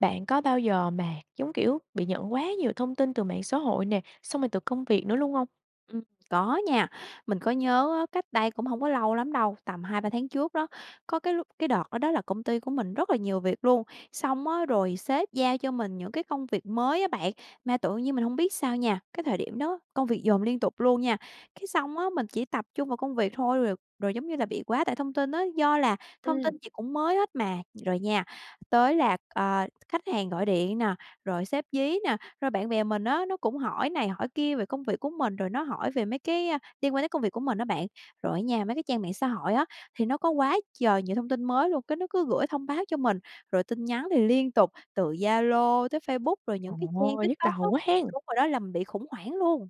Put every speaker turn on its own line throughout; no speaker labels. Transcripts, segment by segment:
Bạn có bao giờ mà, giống kiểu, bị nhận quá nhiều thông tin từ mạng xã hội nè, xong rồi từ công việc nữa luôn hông?
Ừm, có nha. Mình có nhớ á, cách đây cũng hông có lâu lắm đâu, tầm 2-3 tháng trước đó, có cái lúc cái đợt đó đó là công ty của mình rất là nhiều việc luôn, xong á, rồi sếp giao cho mình những cái công việc mới á bạn. Mà tự nhiên mình hông biết sao nha, cái thời điểm đó công việc dồn liên tục luôn nha. Cái xong á, mình chỉ tập trung vào công việc thôi, rồi rồi giống như là bị quá tải thông tin á, do là thông
Ừm.
tin gì cũng mới hết mà. Rồi nha, tới là, ờ, khách hàng gọi điện nè, rồi sếp dí nè, rồi bạn bè mình á, nó cũng hỏi này hỏi kia về công việc của mình, rồi nó hỏi về mấy cái, ơ, liên quan tới công việc của mình á bạn. Rồi á nha, mấy cái trang mạng xã hội á, thì nó có quá trời nhiều thông tin mới luôn, cái nó cứ gửi thông báo cho mình. Rồi tin nhắn thì liên tục từ Zalo tới Facebook, rồi những
Trời
cái trang
ơi, nhức
TikTok
đầu
á,
quá hén!
đúng rồi đó, làm mình bị khủng hoảng luôn.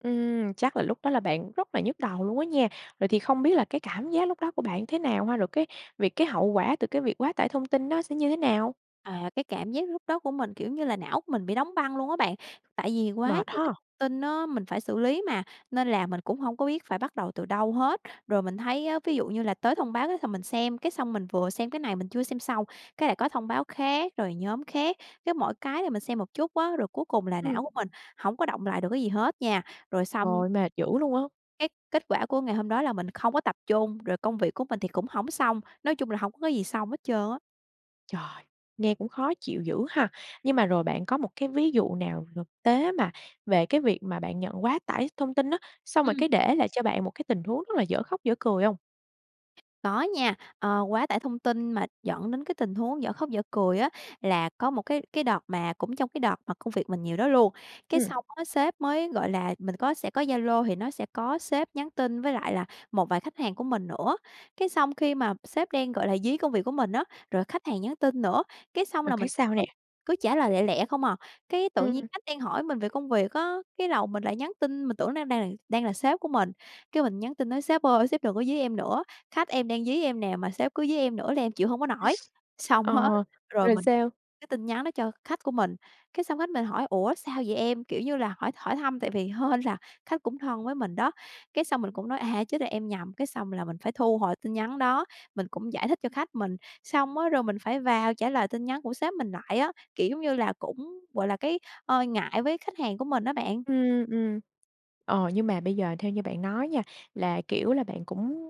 Ừm, chắc là lúc đó là bạn rất là nhức đầu luôn á nha. Vậy thì không biết là cái cảm giác lúc đó của bạn thế nào ha? Rồi cái việc cái hậu quả từ cái việc quá tải thông tin nó sẽ như thế nào?
À, cái cảm giác lúc đó của mình, kiểu như là, não của mình bị đóng băng luôn á bạn. Tại vì quá
Mệt
nhiều cái
ha.
tin á, mình phải xử lý mà, nên là mình cũng hông có biết phải bắt đầu từ đâu hết. Rồi mình thấy á, ví dụ như là tới thông báo cái th mình xem, cái xong mình vừa xem cái này mình chưa xem xong, cái lại có thông báo khác, rồi nhóm khác. Cái mỗi cái là mình xem một chút á, rồi cuối cùng là
Ừm.
não của mình hổng có đọng lại được cái gì hết nha. Rồi xong
Trời, mệt dữ luôn á.
cái kết quả của ngày hôm đó là mình không có tập trung, rồi công việc của mình thì cũng hổng xong. Nói chung là hổng có cái gì xong hết trơn á.
Trời, nghe cũng khó chịu dữ ha. Nhưng mà rồi bạn có một cái ví dụ nào thực tế mà về cái việc mà bạn nhận quá tải thông tin á, xong rồi
Ừm.
cái để lại cho bạn một cái tình huống rất là dở khóc dở cười hông?
Có nha. Ờ, quá tải thông tin mà dẫn đến cái tình huống dở khóc dở cười á, là có một cái cái đợt mà cũng trong cái đợt mà công việc mình nhiều đó luôn. Cái
Ừm.
xong á, sếp mới, gọi là, mình có sẽ có Zalo thì nó sẽ có sếp nhắn tin với lại là một vài khách hàng của mình nữa. Cái xong khi mà sếp đang, gọi là, dí công việc của mình á, rồi khách hàng nhắn tin nữa, cái xong
Rồi
là
cái
mình
sao
cứ
nè?
cứ trả lời lẹ lẹ không à. Cái tự nhiên
Ừm.
khách đang hỏi mình về công việc á, cái đầu mình lại nhắn tin, mình tưởng nó đang đà đang là sếp của mình, cái mình nhắn tin nói: "Sếp ơi, sếp đừng có dí em nữa. Khách em đang dí em nè, mà sếp cứ dí em nữa là em chịu hông có nổi." Xong hết
Ờ,
rồi
rồi
mình
sao?
cái tin nhắn đó cho khách của mình. Cái xong khách mình hỏi: "Ủa, sao vậy em?" Kiểu như là hỏi hỏi thăm, tại vì hên là khách cũng thân với mình đó. Cái xong mình cũng nói: "À, chết rồi, em nhầm." Cái xong là mình phải thu hồi tin nhắn đó, mình cũng giải thích cho khách mình. Xong á, rồi mình phải vào trả lời tin nhắn của sếp mình lại á, kiểu giống như là cũng, gọi là, cái, ờ, ngại với khách hàng của mình á bạn.
Ừm, ừm. Ờ, nhưng mà bây giờ theo như bạn nói nha, là kiểu là bạn cũng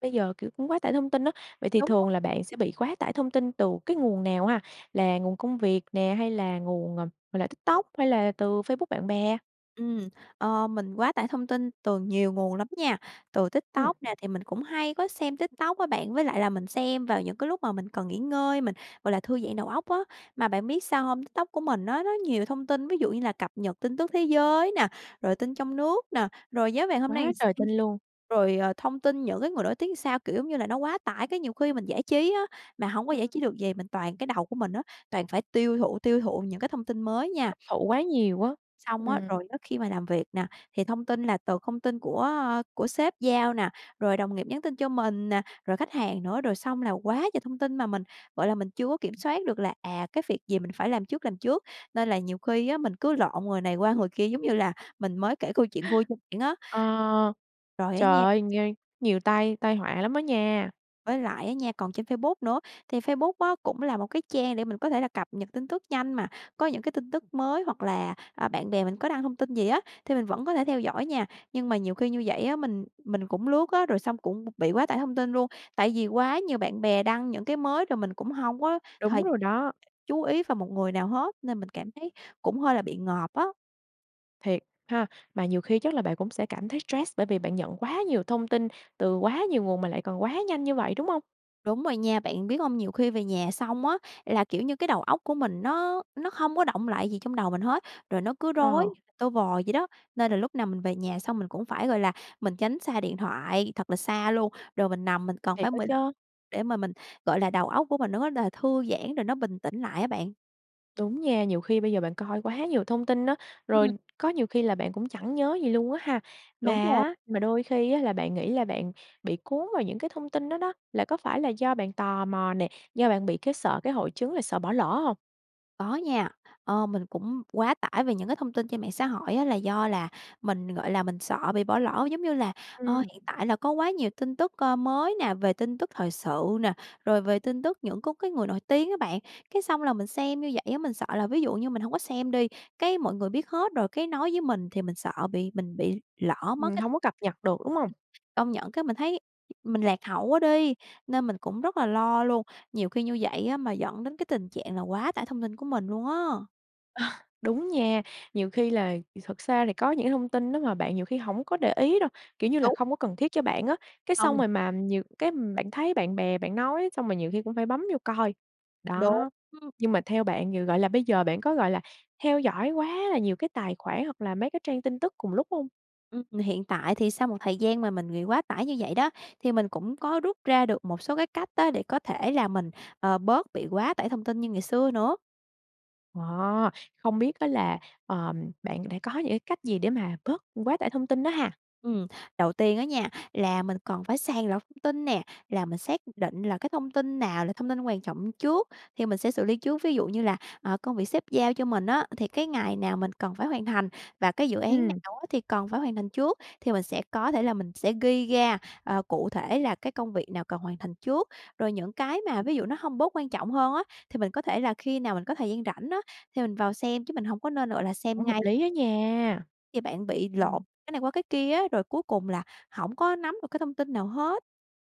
bây giờ, kiểu, cũng quá tải thông tin á, vậy thì
Đúng rồi.
thường là bạn sẽ bị quá tải thông tin từ cái nguồn nào ha? Là nguồn công việc nè, hay là nguồn, ờ, gọi là, TikTok hay là từ Facebook bạn bè?
Ừm, ờ, mình quá tải thông tin từ nhiều nguồn lắm nha. Từ
Ừm.
TikTok nè, thì mình cũng hay có xem TikTok á bạn, với lại là mình xem vào những cái lúc mà mình cần nghỉ ngơi, mình, gọi là, thư giãn đầu óc á. Mà bạn biết sao hông? TikTok của mình á, nó nhiều thông tin, ví dụ như là cập nhật tin tức thế giới nè, rồi tin trong nước nè, rồi giá vàng hôm nay làm
Quá
s
trời tin luôn.
rồi, ờ, thông tin những cái người nổi tiếng sao. Kiểu, giống như là, nó quá tải, cái nhiều khi mình giải trí á, mà hổng có giải
Ừm.
trí được gì, mình toàn cái đầu của mình á, toàn phải tiêu thụ, tiêu thụ những cái thông tin mới nha.
Hấp thụ quá nhiều á,
Xong á,
ừm.
rồi á khi mà làm việc nè, thì thông tin là từ thông tin của, a, của sếp giao nè, rồi đồng nghiệp nhắn tin cho mình nè, rồi khách hàng nữa, rồi xong là quá trời thông tin mà mình, gọi là, mình chưa có kiểm soát được là, à, cái việc gì mình phải làm trước, làm trước. Nên là nhiều khi á mình cứ lộn người này qua người kia giống như là mình mới kể câu chuyện vui cho bạn á.
Ờ.
Rồi, á
Trời
nha
ơi, nh nhiều tai tai họa lắm á nha.
Với lại á nha, còn trên Facebook nữa, thì Facebook á cũng là một cái trang để mình có thể là cập nhật tin tức nhanh mà, có những cái tin tức mới hoặc là, à, bạn bè mình có đăng thông tin gì á, thì mình vẫn có thể theo dõi nha. Nhưng mà nhiều khi như vậy á, mình mình cũng lướt á, rồi xong cũng b bị quá tải thông tin luôn, tại vì quá nhiều bạn bè đăng những cái mới rồi mình cũng hông có
Đúng
thời
rồi đó.
chú ý vào một người nào hết, nên mình cảm thấy cũng hơi là bị ngợp á.
Thiệt ha. Mà nhiều khi chắc là bạn cũng sẽ cảm thấy stress bởi vì bạn nhận quá nhiều thông tin từ quá nhiều nguồn mà lại còn quá nhanh như vậy, đúng hông?
Đúng rồi nha, bạn biết hông, nhiều khi về nhà xong á là, kiểu như, cái đầu óc của mình nó nó không có đọng lại gì trong đầu mình hết, rồi nó cứ rối
Ờ.
như là tơ vò vậy đó. Nên là lúc nào mình về nhà xong mình cũng phải, gọi là, mình tránh xa điện thoại thật là xa luôn, rồi mình nằm mình cần
Thiệt
phải
á
15
chớ.
để mà mình, gọi là, đầu óc của mình nó là thư giãn rồi nó bình tĩnh lại á bạn.
Đúng nha, nhiều khi bây giờ bạn coi quá nhiều thông tin á,
Ừm.
rồi có nhiều khi là bạn cũng chẳng nhớ gì luôn á ha. Mà
Đúng rồi.
á mà đôi khi á là bạn nghĩ là bạn bị cuốn vào những cái thông tin đó đó, là có phải là do bạn tò mò nè, do bạn bị cái sợ cái hội chứng là sợ bỏ lỡ hông?
Có nha. Ờ, mình cũng quá tải về những cái thông tin trên mạng xã hội á là do là mình, gọi là, mình sợ bị bỏ lỡ, giống như là, ờ,
Ừm.
hiện tại là có quá nhiều tin tức, ơ, mới nè, về tin tức thời sự nè, rồi về tin tức những có cái người nổi tiếng á bạn. Cái xong là mình xem như vậy á, mình sợ là ví dụ như mình hông có xem đi, cái mọi người biết hết rồi cái nói với mình thì mình sợ bị mình bị lỡ mất
Ừm,
cái
hông
ừm,
có cập nhật được, đúng hông?
công nhận cái mình thấy mình lạc hậu quá đi, nên mình cũng rất là lo luôn. Nhiều khi như vậy á mà dẫn đến cái tình trạng là quá tải thông tin của mình luôn á.
Đúng nha, nhiều khi lài thì thật xa thì có những thông tin đó mà bạn nhiều khi hổng có để ý đâu, kiểu như là,
Đúng.
không có cần thiết cho bạn á, cái xong
Hông.
rồi mà nhiều cái bạn thấy bạn bè bạn nói xong rồi nhiều khi cũng phải bấm vô coi.
Đúng.
Đó,
Ưm.
nhưng mà theo bạn g gọi là, bây giờ bạn có, gọi là, theo dõi quá là nhiều cái tài khoản hoặc là mấy cái trang tin tức cùng lúc không?
Ừm, hiện tại thì sau một thời gian mà mình nghị quá tải như vậy đó, thì mình cũng có rút ra được một số cái cách á, để có thể là mình, ờ, bớt bị quá tải thông tin như ngày xưa nữa.
Wow! Không biết á là, ờm, bạn đã có những cái cách gì để mà bớt quá tải thông tin đó ha?
Ừm, đầu tiên á nha, là mình cần phải sàng lọc thông tin nè, là mình xác định là cái thông tin nào là thông tin quan trọng trước, thì mình sẽ xử lý trước. Ví dụ như là, ờ, công việc sếp giao cho mình á, thì cái ngày nào mình cần phải hoàn thành và cái dự án
Ừm.
nào á thì cần phải hoàn thành trước thì mình sẽ có thể là mình sẽ ghi ra, ờ, cụ thể là cái công việc nào cần hoàn thành trước. Rồi những cái mà ví dụ nó hông bớt quan trọng hơn á, thì mình có thể là khi nào mình có thời gian rảnh á, thì mình vào xem chứ mình hông có nên, gọi là, xem
Cũng hợp
ngay.
lý á nha.
Thì bạn bị
Ừm.
lộn cái này qua cái kia á, rồi cuối cùng là hổng có nắm được cái thông tin nào hết.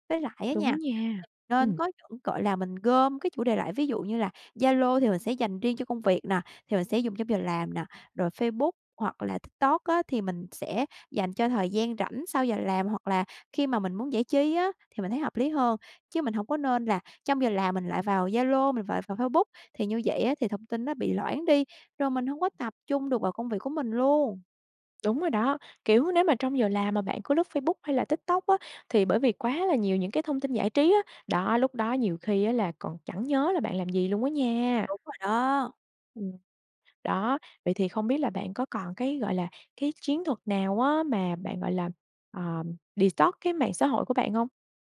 Với lại á
Đúng
nha, [unintelligible]
nha.
nên
Ừm.
có những, gọi là, mình gom cái chủ đề lại ví dụ như là Zalo thì mình sẽ dành riêng cho công việc nè, thì mình sẽ dùng trong giờ làm nè. Rồi Facebook hoặc là TikTok á thì mình sẽ dành cho thời gian rảnh sau giờ làm hoặc là khi mà mình muốn giải trí á, thì mình thấy hợp lý hơn. Chứ mình hổng có nên là trong giờ làm mình lại vào Zalo, mình vào F Facebook thì như vậy á thì thông tin nó bị loãng đi, rồi mình hông có tập trung được vào công việc của mình luôn!
Đúng rồi đó, kiểu, nếu mà trong giờ làm mà bạn cứ lướt Facebook hay là TikTok á, thì bởi vì quá là nhiều những cái thông tin giải trí á, đó, lúc đó nhiều khi á là còn chẳng nhớ là bạn làm gì luôn á nha.
Đúng rồi đó.
Ừm. Đó, vậy thì không biết bạn có còn cái, gọi là, cái chiến thuật nào á, mà bạn, gọi là, ờm, detox cái mạng xã hội của bạn hông?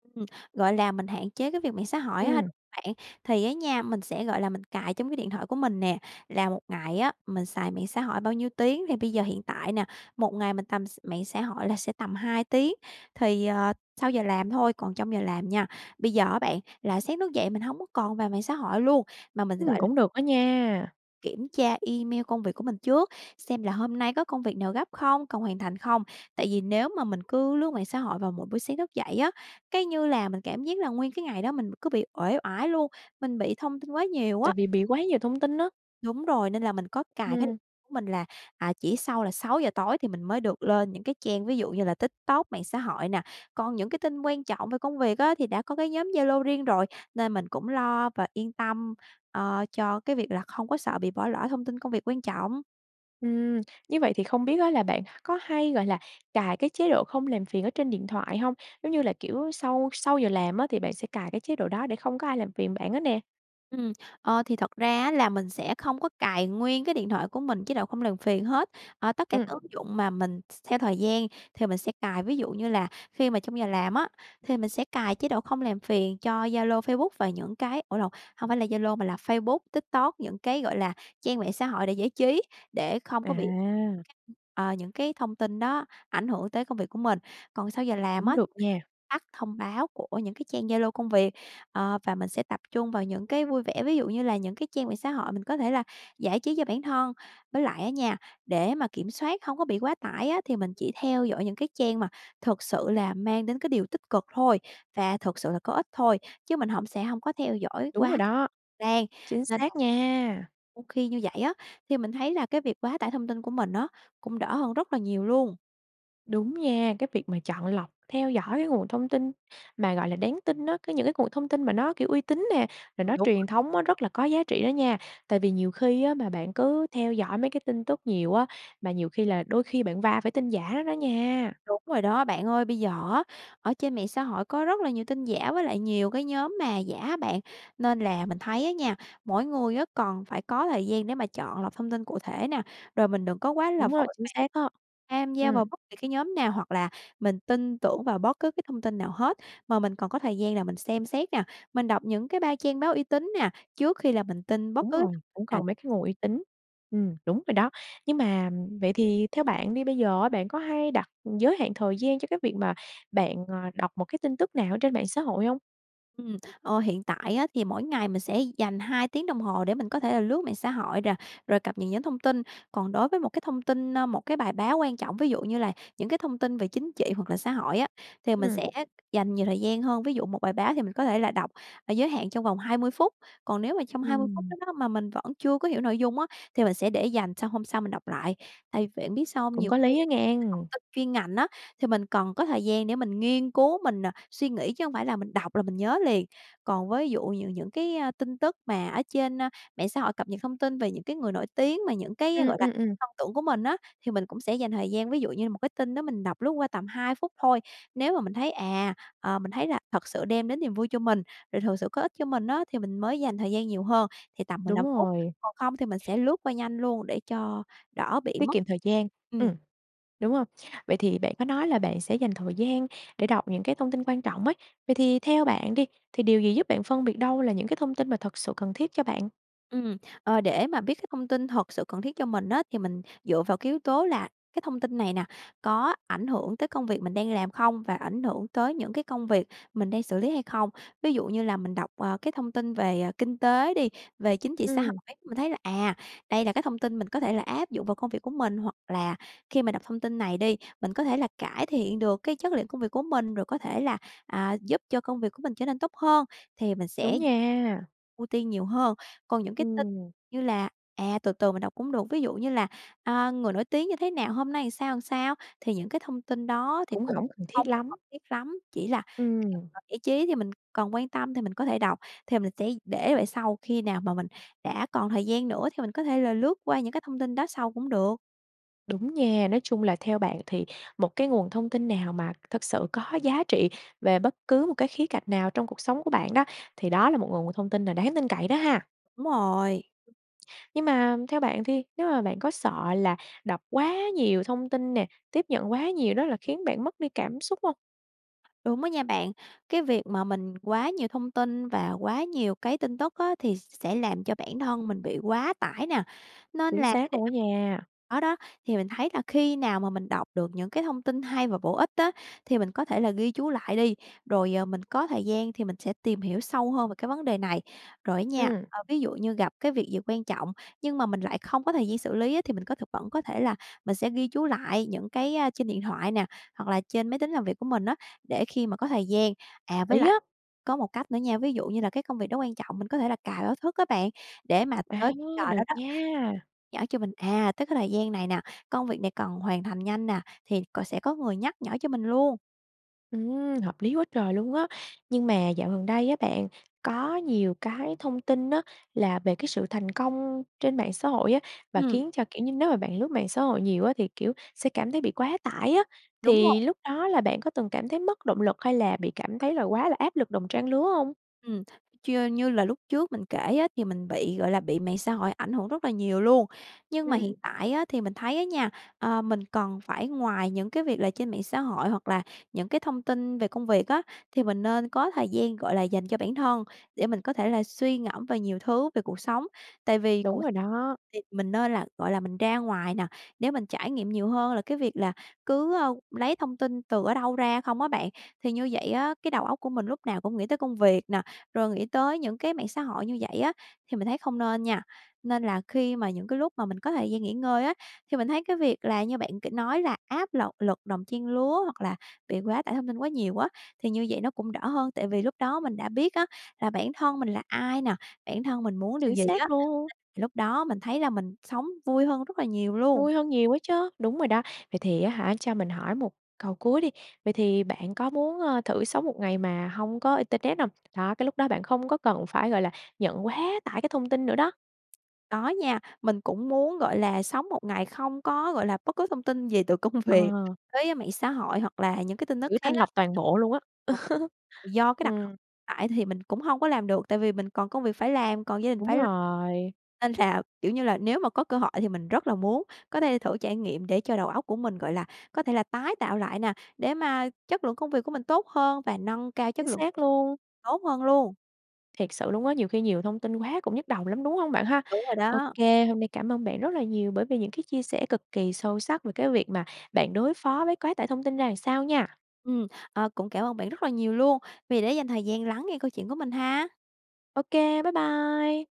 Ừm, gọi là, mình hạn chế cái việc mạng xã hội á ha
Ừm.
đúng bạn. Thì á nha, mình sẽ, gọi là, mình cài trong cái điện thoại của mình nè, là một ngày á mình xài mạng xã hội bao nhiêu tiếng, thì bây giờ hiện tại nè, một ngày mình tầm x mạng xã hội là sẽ tầm 2 tiếng. Thì, ờ, sau giờ làm thôi, còn trong giờ làm nha. Bây giờ á bạn, là sáng thức dậy mình hổng có còn vào mạng xã hội luôn, mà mình,
Ừm,
gọi là
cũng được đó nha.
kiểm tra email công việc của mình trước, xem là hôm nay có công việc nào gấp không, cần hoàn thành không. Tại vì nếu mà mình cứ lướt mạng xã hội vào mỗi buổi sáng thức dậy á, cái, như là mình cảm giác là nguyên cái ngày đó mình cứ bị uể oải luôn, mình bị thông tin quá nhiều á.
Tại vì bị quá nhiều thông tin á.
Đúng rồi, nên là mình có cài cái điện
Ừm.
của mình là, à, chỉ sau là 6:00 tối thì mình mới được lên những cái trang ví dụ như là TikTok, mạng xã hội nè. Còn những cái tin quan trọng về công việc á thì đã có cái nhóm Zalo riêng rồi, nên mình cũng lo và yên tâm, ờ, cho cái việc là không có sợ bị bỏ lỡ thông tin công việc quan trọng.
Ừm. Như vậy thì không biết á là bạn có hay, gọi là, cài cái chế độ không làm phiền ở trên điện thoại hông? Giống như là, kiểu, sau sau giờ làm á, thì bạn sẽ cài cái chế độ đó để không có ai làm phiền bạn hết nè.
Ừm. Ờ, thì thật ra á là mình sẽ không có cài nguyên cái điện thoại của mình chế độ không làm phiền hết. Ờ, tất cả
Ừm.
các ứng dụng mà mình th theo thời gian thì mình sẽ cài, ví dụ như là khi mà trong giờ làm á, thì mình sẽ cài chế độ không làm phiền cho Zalo, Facebook và những cái ủa lộn, hông phải là Zalo mà là Facebook, TikTok, những cái gọi là trang mạng xã hội để giải trí, để không có bị
À.
[unintelligible] ờ, những cái thông tin đó ảnh hưởng tới công việc của mình. Còn sau giờ làm
Cũng
á, [unintelligible]
được nha.
tắt thông báo của những cái trang Zalo công việc, ờ, và mình sẽ tập trung vào những cái vui vẻ, ví dụ như là những cái trang về xã hội mình có thể là giải trí cho bản thân. Với lại á nha, để mà kiểm soát hông có bị quá tải á, thì mình chỉ theo dõi những cái trang mà thực sự là mang đến cái điều tích cực thôi, và thực sự là có ích thôi. Chứ mình hổng sẽ hông có theo dõi
Đúng rồi
quá
đó.
trang,
Chính
nên là
xác nha.
[unintelligible] khi như vậy á, thì mình thấy là cái việc quá tải thông tin của mình á, cũng đỡ hơn rất là nhiều luôn.
Đúng nha, cái việc mà chọn lọc theo dõi cái nguồn thông tin mà, gọi là, đáng tin á, có những cái nguồn thông tin mà nó, kiểu, uy tín nè, rồi
Ừm,
nó
đúng á.
truyền thống á, rất là có giá trị đó nha. Tại vì nhiều khi á mà bạn cứ theo dõi mấy cái tin tức nhiều á, mà nhiều khi là đôi khi bạn va phải tin giả nó đó nha.
Đúng rồi đó bạn ơi. Bây giờ á, ở trên mạng xã hội có rất là nhiều tin giả với lại nhiều cái nhóm mà giả á bạn, nên là mình thấy á nha, mỗi người á còn phải có thời gian để mà chọn lọc thông tin cụ thể nè, rồi mình đừng có quá là
Đúng rồi,
vội
chính
vàng
xác đó.
tham gia
Ừm.
vào bất kỳ cái nhóm nào hoặc là mình tin tưởng vào bất cứ cái thông tin nào hết. Mà mình cần có thời gian là mình xem xét nè, mình đọc những cái ba trang báo uy tín nè, trước khi là mình tin bất
Đúng
cứ
rồi,
[unintelligible]
cũng
nào.
còn mấy cái nguồn uy tín. Ừm, đúng rồi đó. Nhưng mà vậy thì theo bạn đi, bây giờ á bạn có hay đặt giới hạn thời gian cho cái việc mà bạn, ờ, đọc một cái tin tức nào ở trên mạng xã hội hông?
Ừm, ờ, hiện tại á thì mỗi ngày mình sẽ dành 2 tiếng đồng hồ để mình có thể là lướt mạng xã hội nè, rồi cập nhật những thông tin. Còn đối với một cái thông tin, ơ, một cái bài báo quan trọng, ví dụ như là những cái thông tin về chính trị hoặc là xã hội á, thì mình
Ừm.
sẽ dành nhiều thời gian hơn. Ví dụ một bài báo thì mình có thể là đọc và giới hạn trong vòng 20 phút. Còn nếu mà trong 20 phút
Ừm.
đó đó mà mình vẫn chưa có hiểu nội dung á thì mình sẽ để dành sang hôm sau mình đọc lại. Tại biết bạn sao hông?
Cũng
Nhiều
có
khi
lý á
cái thông
nghen.
tin chuyên ngành á, thì mình cần có thời gian để mình nghiên cứu, mình, ờ, suy nghĩ chứ hông phải là mình đọc là mình nhớ liền. Còn ví dụ nh những cái, ơ, tin tức mà ở trên, a, mạng xã hội cập nhật thông tin về những cái người nổi tiếng mà những cái,
Ừm,
gọi là,
ừm, ừm.
thông tưởng của mình á, thì mình cũng sẽ dành thời gian, ví dụ như là một cái tin đó mình đọc lướt qua tầm 2 phút thôi. Nếu mà mình thấy, à, ờ, mình thấy là thật sự đem đến niềm vui cho mình, rồi thực sự có ích cho mình á, thì mình mới dành thời gian nhiều hơn thì tầm mười
Đúng
lăm phút.
rồi.
Còn không thì mình sẽ lướt qua nhanh luôn để cho đỡ bị
Tiết
mất
kiệm thời gian,
Ừm.
ừm. Đúng hông? Vậy thì bạn có nói là bạn sẽ dành thời gian để đọc những cái thông tin quan trọng ấy, vậy thì theo bạn đi, thì điều gì giúp bạn phân biệt đâu là những cái thông tin mà thật sự cần thiết cho bạn?
Ừm, ờ, để mà biết cái thông tin thật sự cần thiết cho mình á, thì mình dựa vào cái yếu tố là cái thông tin này nè, có ảnh hưởng tới công việc mình đang làm không và ảnh hưởng tới những cái công việc mình đang xử lý hay không. Ví dụ như là mình đọc, ờ, cái thông tin về, ờ, kinh tế đi, về chính trị xã
Ừm.
hội, mình thấy là, à, đây là cái thông tin mình có thể là áp dụng vào công việc của mình, hoặc là khi mà đọc thông tin này đi, mình có thể là cải thiện được cái chất lượng công việc của mình, rồi có thể là, à, giúp cho công việc của mình trở nên tốt hơn thì mình
Đúng
sẽ
nha.
ưu tiên nhiều hơn. Còn những cái tin
Ừm.
như là, à, từ từ mình đọc cũng được, ví dụ như là, à, người nổi tiếng như thế nào, hôm nay làm sao, làm sao, thì những cái thông tin đó thì
Cũng
cũng
hổng cần
không
thiết
có
lắm.
cần thiết lắm, chỉ là khi
Ừm.
mà giải trí thì mình cần quan tâm thì mình có thể đọc, thì mình sẽ để về sau, khi nào mà mình đã còn thời gian nữa thì mình có thể là lướt qua những cái thông tin đó sau cũng được.
Đúng nha, nói chung là theo bạn thì một cái nguồn thông tin nào mà thực sự có giá trị về bất cứ một cái khía cạnh nào trong cuộc sống của bạn đó, thì đó là một nguồn thông tin là đáng tin cậy đó ha?
Đúng rồi.
Nhưng mà theo bạn thì nếu mà bạn có sợ là đọc quá nhiều thông tin nè, tiếp nhận quá nhiều đó là khiến bạn mất đi cảm xúc hông?
Đúng á nha bạn. Cái việc mà mình quá nhiều thông tin và quá nhiều cái tin tức á, thì sẽ làm cho bản thân mình bị quá tải nè. Nên
Chính
là phải
xác
để
luôn á
nó
nha.
đó đó, thì mình thấy là khi nào mà mình đọc được những cái thông tin hay và bổ ích á, thì mình có thể là ghi chú lại đi, rồi, ờ, mình có thời gian thì mình sẽ tìm hiểu sâu hơn về cái vấn đề này. Rồi á nha,
Ừm.
ơ, ví dụ như gặp cái việc gì quan trọng nhưng mà mình lại không có thời gian xử lý á, thì mình có thực vẫn có thể là mình sẽ ghi chú lại những cái, a, trên điện thoại nè, hoặc là trên máy tính làm việc của mình á, để khi mà có thời gian à,
Hợp
với
lý á.
lại có một cách nữa nha, ví dụ như là cái công việc đó quan trọng, mình có thể là cài báo thức á bạn, để mà
À,
tới cái giờ đó
được
đó [unintelligible]
nha!
nhở cho mình, à, tức cái thời gian này nè, công việc này cần hoàn thành nhanh nè, thì cò sẽ có người nhắc nhở cho mình luôn.
Ừm, hợp lý quá trời luôn á! Nhưng mà dạo gần đây á bạn có nhiều cái thông tin á, là về cái sự thành công trên mạng xã hội á, và
Ừm.
khiến cho, kiểu như nếu mà bạn lướt mạng xã hội nhiều á thì, kiểu, sẽ cảm thấy bị quá tải á,
Đúng
thì
rồi.
lúc đó là bạn có từng cảm thấy mất động lực hay là bị cảm thấy là quá là áp lực đồng trang lứa hông?
Ừm, chư như là lúc trước mình kể á, thì mình bị, gọi là, bị mạng xã hội ảnh hưởng rất là nhiều luôn. Nhưng mà
Ừm.
hiện tại á, thì mình thấy á nha, ờ, mình cần phải ngoài những cái việc là trên mạng xã hội hoặc là những cái thông tin về công việc á, thì mình nên có thời gian, gọi là, dành cho bản thân để mình có thể là suy ngẫm về nhiều thứ, về cuộc sống. Tại vì
Đúng
cuộc
rồi đó.
thì mình nên là, gọi là, mình ra ngoài nè, để mình trải nghiệm nhiều hơn là cái việc là cứ, a, lấy thông tin từ ở đâu ra không á bạn. Thì như vậy á, cái đầu óc của mình lúc nào cũng nghĩ tới công việc nè, rồi nghĩ tới những cái mạng xã hội như vậy á, thì mình thấy không nên nha. Nên là khi mà những cái lúc mà mình có thời gian nghỉ ngơi á, thì mình thấy cái việc là như bạn kể nói là áp lật lực đồng trang lứa hoặc là bị quá tải thông tin quá nhiều á, thì như vậy nó cũng đỡ hơn. Tại vì lúc đó mình đã biết á là bản thân mình là ai nà, bản thân mình muốn điều
Chính
gì á,
xác luôn!
[unintelligible] thì lúc đó mình thấy là mình sống vui hơn rất là nhiều luôn.
Vui hơn nhiều á chứ, đúng rồi đó. Vậy thì á hả, cho mình hỏi một câu cuối đi, vậy thì bạn có muốn, ờ, thử sống một ngày mà hông có internet hông? Đó, cái lúc đó bạn không có cần phải, gọi là, nhận quá tải cái thông tin nữa đó.
Có nha. Mình cũng muốn, gọi là, sống một ngày không có, gọi là, bất cứ thông tin gì từ công việc
Ờ.
tới mạng xã hội hoặc là những cái tin tức
Kiểu
khác
thanh
á.
lọc toàn bộ luôn á.
[unintelligible] Do cái đặc thù
Ừm.
tại thì mình cũng hông có làm được, tại vì mình còn công việc phải làm, còn gia đình
Đúng
phải lo.
rồi.
Nên là, kiểu như là, nếu mà có cơ hội thì mình rất là muốn có thể thử trải nghiệm, để cho đầu óc của mình, gọi là, có thể là tái tạo lại nà, để mà chất lượng công việc của mình tốt hơn, và nâng cao chất
Chính
lượng
xác
[unintelligible]
luôn.
tốt hơn luôn.
Thiệt sự luôn á, nhiều khi nhiều thông tin quá cũng nhức đầu lắm, đúng hông bạn ha?
Đúng rồi
Ô
đó.
kê, hôm nay cảm ơn bạn rất là nhiều bởi vì những cái chia sẻ cực kỳ sâu sắc về cái việc mà bạn đối phó với quá tải thông tin ra làm sao nha.
Ừm, ờ, cũng cảm ơn bạn rất là nhiều luôn vì đã dành thời gian lắng nghe câu chuyện của mình ha!
Ô kê. Bái bai!